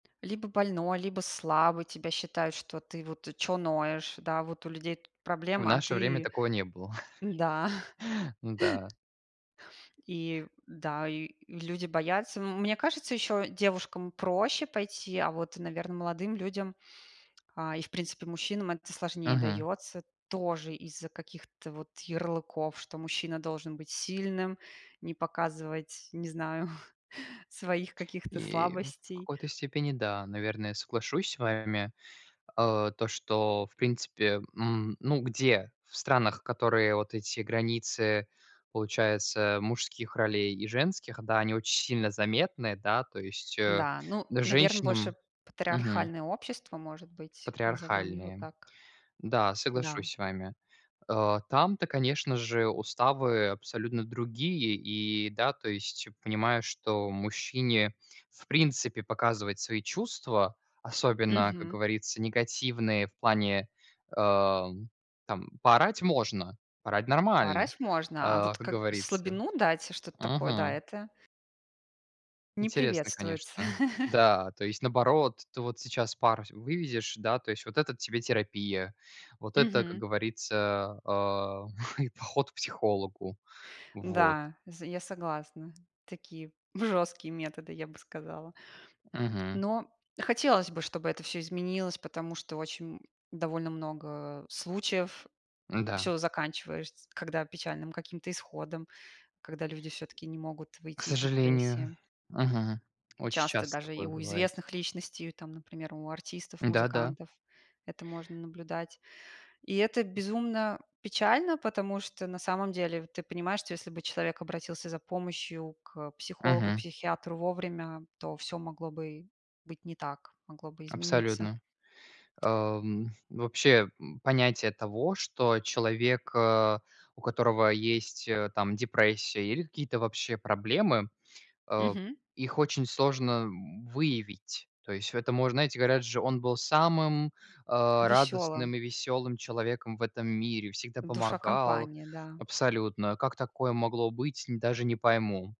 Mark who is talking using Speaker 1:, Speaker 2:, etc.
Speaker 1: Либо больной, либо слабый, тебя считают, что ты что вот: "Чё ноешь, да, вот у людей тут
Speaker 2: В
Speaker 1: проблемы, а
Speaker 2: наше время
Speaker 1: ты".
Speaker 2: такого не было.
Speaker 1: Да.
Speaker 2: Да.
Speaker 1: И, да, и люди боятся. М мне кажется, еще девушкам проще пойти, а вот, наверное, молодым людям, а, и, в принципе, мужчинам это сложнее
Speaker 2: Мгм.
Speaker 1: дается, тоже из-за каких-то вот ярлыков, что мужчина должен быть сильным, не показывать, не знаю, своих каких-то
Speaker 2: И в
Speaker 1: слабостей.
Speaker 2: какой-то степени, да, наверное, соглашусь с вами. Э, то, что в принципе, м, ну, где, в странах, которые вот эти границы, получается, мужских ролей и женских, да, они очень сильно заметны, да, то есть, э,
Speaker 1: Да, ну, наверно,
Speaker 2: женщинам
Speaker 1: больше
Speaker 2: мгм.
Speaker 1: патриархальное общество, может быть, назовем его
Speaker 2: Патриархальные.
Speaker 1: так.
Speaker 2: Да,
Speaker 1: Да.
Speaker 2: соглашусь с вами. Э, там-то, конечно же, уставы абсолютно другие. И да, то есть понимаю, что мужчине, в принципе, показывать свои чувства, особенно, как
Speaker 1: Мгм.
Speaker 2: говорится, негативные в плане, э, там, поорать можно, поорать нормально,
Speaker 1: Орать можно, а
Speaker 2: э,
Speaker 1: вот
Speaker 2: как
Speaker 1: как
Speaker 2: говорится.
Speaker 1: слабину дать, что-то такое, да,
Speaker 2: Мгм.
Speaker 1: это не
Speaker 2: Интересно,
Speaker 1: приветствуется.
Speaker 2: конечно. Да, то есть наоборот, ты вот сейчас пар с вывезешь, да, то есть вот это тебе терапия, вот это, как
Speaker 1: Мгм.
Speaker 2: говорится, а, и поход к психологу. Вот.
Speaker 1: Да, з я согласна, такие, жесткие методы, я бы сказала.
Speaker 2: Мгм.
Speaker 1: Но хотелось бы, чтобы это всё изменилось, потому что очень м довольно много случаев,
Speaker 2: Да.
Speaker 1: всё заканчивается, когда печальным каким-то исходом, когда люди всё-таки не могут
Speaker 2: К
Speaker 1: выйти из
Speaker 2: сожалению.
Speaker 1: депрессии.
Speaker 2: Мгм. Очень
Speaker 1: Часто
Speaker 2: часто
Speaker 1: даже и
Speaker 2: такое
Speaker 1: у
Speaker 2: бывает.
Speaker 1: известных личностей, у, там, например, у артистов,
Speaker 2: Да-да.
Speaker 1: музыкантов это можно наблюдать. И это безумно печально, потому что, на самом деле, ты понимаешь, что если бы человек обратился за помощью к психологу,
Speaker 2: Мгм.
Speaker 1: психиатру вовремя, то всё могло бы быть не так, могло бы измениться.
Speaker 2: Абсолютно. Э, м, вообще, м, понятие того, что человек, э, у которого есть, э, там, депрессия, или какие-то, вообще, проблемы, э,
Speaker 1: Мгм.
Speaker 2: их очень сложно, м, выявить. То есть в этом мож знаете, говорят же: "Он был самым, э, радостным
Speaker 1: Веселым.
Speaker 2: и весёлым человеком в этом мире, всегда
Speaker 1: Душа
Speaker 2: помогал",
Speaker 1: компании, да.
Speaker 2: абсолютно. "Как такое могло быть- н даже не пойму".